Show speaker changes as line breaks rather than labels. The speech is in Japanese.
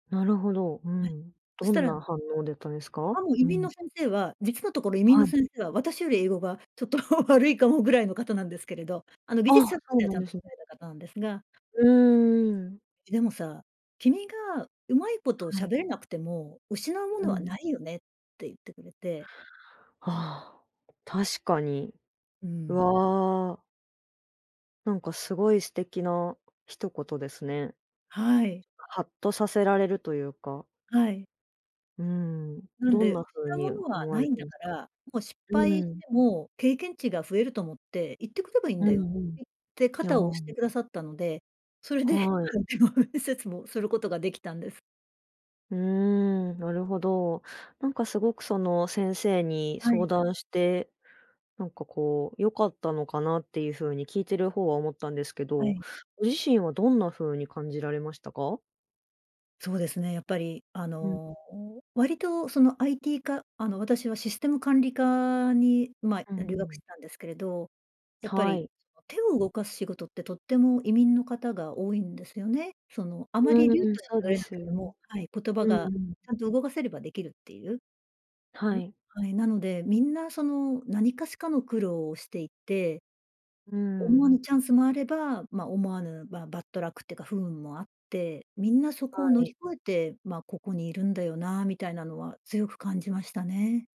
なるほど、う
はい。
ん、
そ
ど
した
ん
ら
な反応だったんですか？
あ、もう移
う
民
ん。
の先生は、実のところ移民
は
の
い。
先生は私より英語がちょっと悪いかもぐらいの方なんですけれど、あの技
あ、
術者とし
そう
ては
な
ちゃ
ん
ん
で
とさ
すね。
れた方なんですが。
うーん。
「でもさ、君がうまいことを
は
喋
い。
れなくても、失うも
う
のは
ん。
ないよね」って言ってくれて。
ああ、確かに。
う
う
ん。
わ。なんかすごい素敵な一言ですね。
はい。
はっとさせられるというか。
はい。
うん。
なん
どん
で
なふう
「失うも
に
のは
思わ
な
れ
いん
てい
だ
ます
か
か？
ら、もう失
う
敗し
ん。
ても経験値が増えると思って、行ってくればいいん
う
だよ」って
んうん。
言って肩を押し
ああ。
てくださったのでそれで、ま
はい。
あ、でも、面接もすることができたんです。
うーん、なるほど。なんかすごくその先生に
は
相
い。
談して、なんか、こう、良かったのかなっていうふうに聞いている方は思ったんですけ
は
ど、
い。
ご自身はどんなふうに感じられましたか？
そうですね、やっぱり、あ
うん。
の、割と、その、IT 科あの、私はシステム管理科に、ま
うんう
あ、留学し
ん。
てたんですけれど、やっぱ
は
り
い。
そう、手を動かす仕事ってとっても移民の方が多いんですよね。その、あまり
う
流暢
ーん、
に
そう
喋
で
れな
す
く
よ
て
ね。
もはい、言葉
うん
が
うん。
ちゃんと動かせればできるっていう。
は
ん、
い。
はい、なので、みんな、その、何かしかの苦労をしていて、
う
思わ
ん。
ぬチャンスもあれば、まあ、思わぬ、まあ、バットラックていうか不運もあって、みんなそこ
は
を乗り
い。
越えて、まあ、ここにいるんだよなみたいなのは強く感じましたね。